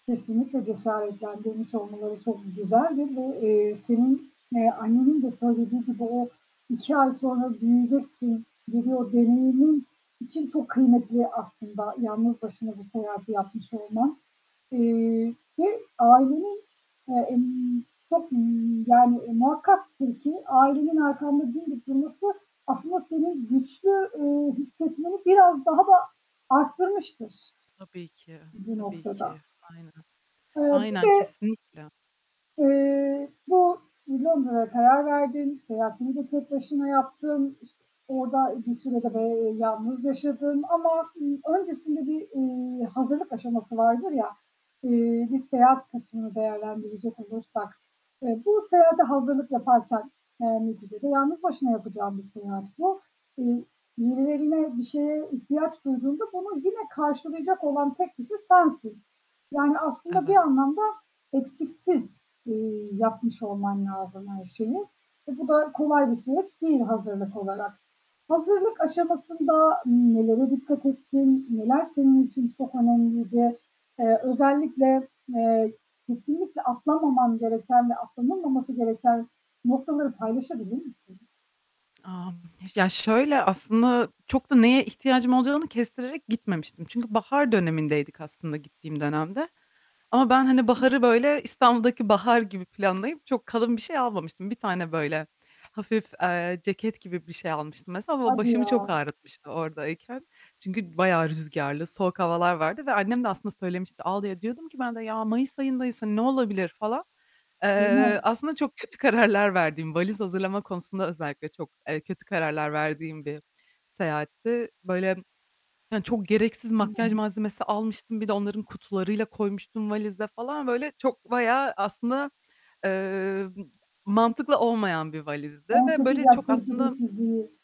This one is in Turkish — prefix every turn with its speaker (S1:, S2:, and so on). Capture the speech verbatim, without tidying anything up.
S1: Kesinlikle cesaretlendirmiş olmaları çok güzel ve bu, eee, senin, eee, annenin de söylediği gibi o iki ay sonra büyüyeceksin, [unintelligible] için çok kıymetli aslında yalnız başına bu seyahati yapmış olman. Eee, ve ailenin, eee, ımm, çok, ııı, yani muhakkaktır ki ailenin arkanda dimdik durması aslında seni güçlü, eee, hissetmeni biraz daha da arttırmıştır
S2: Tabii ki,
S1: bu
S2: tabii
S1: noktada.
S2: ki, aynen.
S1: Eee, bir
S2: Aynen
S1: de
S2: kesinlikle.
S1: eee, bu Londra'ya karar verdin. Seyahatini de tek başına yaptın. İşte, orada bir süre de, eee, yalnız yaşadın ama, ııı, öncesinde bir, ııı, hazırlık aşaması vardır ya, eee, bir seyahat kısmını değerlendirecek olursak, eee, bu seyahate hazırlık yaparken yani neticede yalnız başına yapacağın bir seyahat bu. Iıı, birilerine, bir şeye ihtiyaç duyduğunda bunu yine karşılayacak olan tek kişi sensin. Yani aslında bir
S2: Evet.
S1: anlamda eksiksiz, eee, yapmış olman lazım her şeyi ve bu da kolay bir süreç değil hazırlık olarak. Hazırlık aşamasında nelere dikkat ettin? Neler senin için çok önemliydi? Eee, özellikle, eee, kesinlikle atlamaman gereken ve atlanılmaması gereken noktaları paylaşabilir misin?
S2: Aaa, ya, şöyle aslında çok da neye ihtiyacım olacağını kestirerek gitmemiştim çünkü bahar dönemindeydik aslında gittiğim dönemde. Ama ben hani baharı böyle İstanbul'daki bahar gibi planlayıp çok kalın bir şey almamıştım. Bir tane böyle hafif, eee, ceket gibi bir şey almıştım mesela ama
S1: Hadi
S2: başımı
S1: ya.
S2: çok ağrıtmıştı oradayken çünkü bayağı rüzgarlı, soğuk havalar vardı ve annem de aslında söylemişti, [unintelligible] diyordum ki ben de "Ya, mayıs ayındayız hani ne olabilir." falan.
S1: Değil mi?
S2: Eee, aslında çok kötü kararlar verdiğim, valiz hazırlama konusunda özellikle çok, eee, kötü kararlar verdiğim bir seyahatti. Böyle hani çok gereksiz makyaj
S1: [unintelligible]
S2: malzemesi almıştım. Bir de onların kutularıyla koymuştum valize falan. Böyle çok bayağı aslında, eee, mantıklı olmayan bir valizdi
S1: on
S2: ve
S1: sekiz
S2: böyle
S1: yaş
S2: çok aslında
S1: tecrübesizliği.